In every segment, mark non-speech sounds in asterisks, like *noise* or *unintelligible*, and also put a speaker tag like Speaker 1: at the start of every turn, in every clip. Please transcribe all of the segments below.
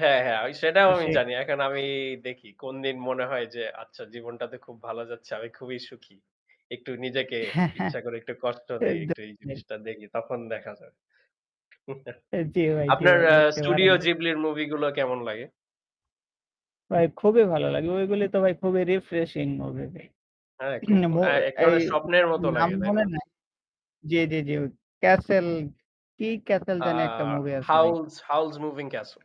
Speaker 1: হ্যাঁ, হ্যাঁ আমি সেটাও
Speaker 2: তো
Speaker 1: আমি
Speaker 2: সে।
Speaker 1: জানি। এখন আমি দেখি কোনদিন মনে হয় যে আচ্ছা জীবনটাতে খুব ভালো যাচ্ছে। আমি খুবই সুখী। একটু নিজেকে
Speaker 2: হ্যাঁ, হ্যাঁ,
Speaker 1: ইচ্ছা করে একটু কষ্ট দেই, একটু
Speaker 2: একদম
Speaker 1: এই
Speaker 2: তাই।
Speaker 1: জিনিসটা দেখি তখন দেখা যাবে। *chuckles*
Speaker 2: অ্যা জি ভাই, জি
Speaker 1: আপনার
Speaker 2: ভাই
Speaker 1: অ্যা
Speaker 2: দেখতে পারেন।
Speaker 1: স্টুডিও জিবলি র মুভি গুলো কেমন লাগে?
Speaker 2: ভাই খুবই ভালো লাগে। ঐগুলো তো ভাই খুবই রিফ্রেশিং মুভি ভাই।
Speaker 1: হ্যাঁ
Speaker 2: *clears throat* এ
Speaker 1: খুব
Speaker 2: নাম অ
Speaker 1: অ্যা এক
Speaker 2: এই,
Speaker 1: ধরনের স্বপ্নের মতো
Speaker 2: নাম
Speaker 1: লাগে, তাই
Speaker 2: মনে
Speaker 1: না?
Speaker 2: নাই জি, জি, জি। ঐ ক্যাসল, কি ক্যাসল
Speaker 1: অ্যা
Speaker 2: যেন একটা মুভি আছে ভাই।
Speaker 1: Howl's Howl's Moving Castle.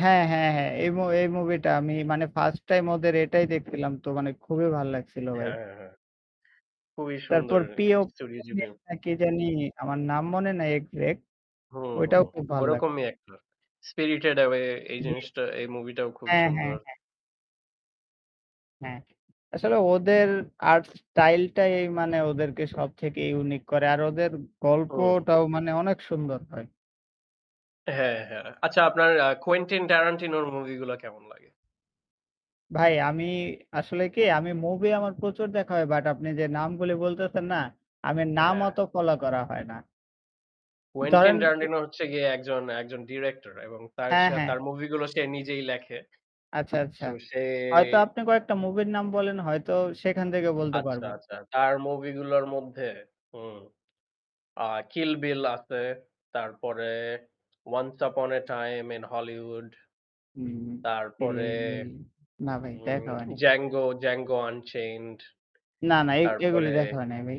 Speaker 2: হ্যাঁ, হ্যাঁ, হ্যাঁ এই মু এই মুভিটা আমি মানে ফার্স্ট টাইম ওদের এটাই দেখছিলাম তো মানে খুবই ভাল লাগছিল ভাই।
Speaker 1: হ্যাঁ, হ্যাঁ, হ্যাঁ। খুবই
Speaker 2: তারপর
Speaker 1: সুন্দর
Speaker 2: পিও।
Speaker 1: Studio
Speaker 2: *unintelligible*
Speaker 1: Ghibli.
Speaker 2: অ্যা কি জানি! আমার নাম মনে নাই এক্সাক্ট।
Speaker 1: হুম, হুম।
Speaker 2: ঐটাও খুব ভাল লাগছে।
Speaker 1: ওরকমই অ্যাক্টর। spirited away এই
Speaker 2: জি।
Speaker 1: জিনিসটা এই মুভিটাও খুবই
Speaker 2: হ্যাঁ, হ্যাঁ,
Speaker 1: সুন্দর।
Speaker 2: হ্যাঁ। হ্যাঁ। আসলে ওদের আর্ট স্টাইলটাই মানে ওদেরকে সবথেকে ইউনিক করে। আর ওদের
Speaker 1: হুম।
Speaker 2: গল্পটাও মানে অনেক সুন্দর হয়।
Speaker 1: হ্যাঁ, হ্যাঁ। আচ্ছা আপনার অ্যা Quentin Tarantino র মুভি গুলা কেমন লাগে?
Speaker 2: ভাই আমি আসলে কি আমি মুভি আমার প্রচুর দেখা হয়। বাট আপনি যে নামগুলো বলতেছেন না, আমি নাম
Speaker 1: হ্যাঁ।
Speaker 2: অত ফলো করা হয় না।
Speaker 1: কোয়েন্টিন
Speaker 2: ধরেন পু
Speaker 1: ট্যারান্টিনো হচ্ছে গিয়ে ১ জন, ১ জন ডিরেক্টর এবং তার
Speaker 2: হ্যাঁ,
Speaker 1: সা
Speaker 2: হ্যাঁ।
Speaker 1: তার মুভি গুলো সে নিজেই লেখে।
Speaker 2: আচ্ছা, আচ্ছা।
Speaker 1: সো সে
Speaker 2: হয়তো আপনি কয়েকটা মুভির নাম বলেন। হয়তো সেখান থেকে বলতে
Speaker 1: আচ্ছা,
Speaker 2: পারব।
Speaker 1: আচ্ছা। তার মুভি গুলোর মধ্যে হুম। অ্যা Kill Bill আছে। তারপরে Once upon a time in Hollywood।
Speaker 2: হুম।
Speaker 1: তারপরে
Speaker 2: *unintelligible* না ভাই
Speaker 1: উম
Speaker 2: দেখা হয়নি।
Speaker 1: Django Django unchained।
Speaker 2: না, না এ এগুলো
Speaker 1: তারপরে
Speaker 2: দেখা হয় নাই ভাই।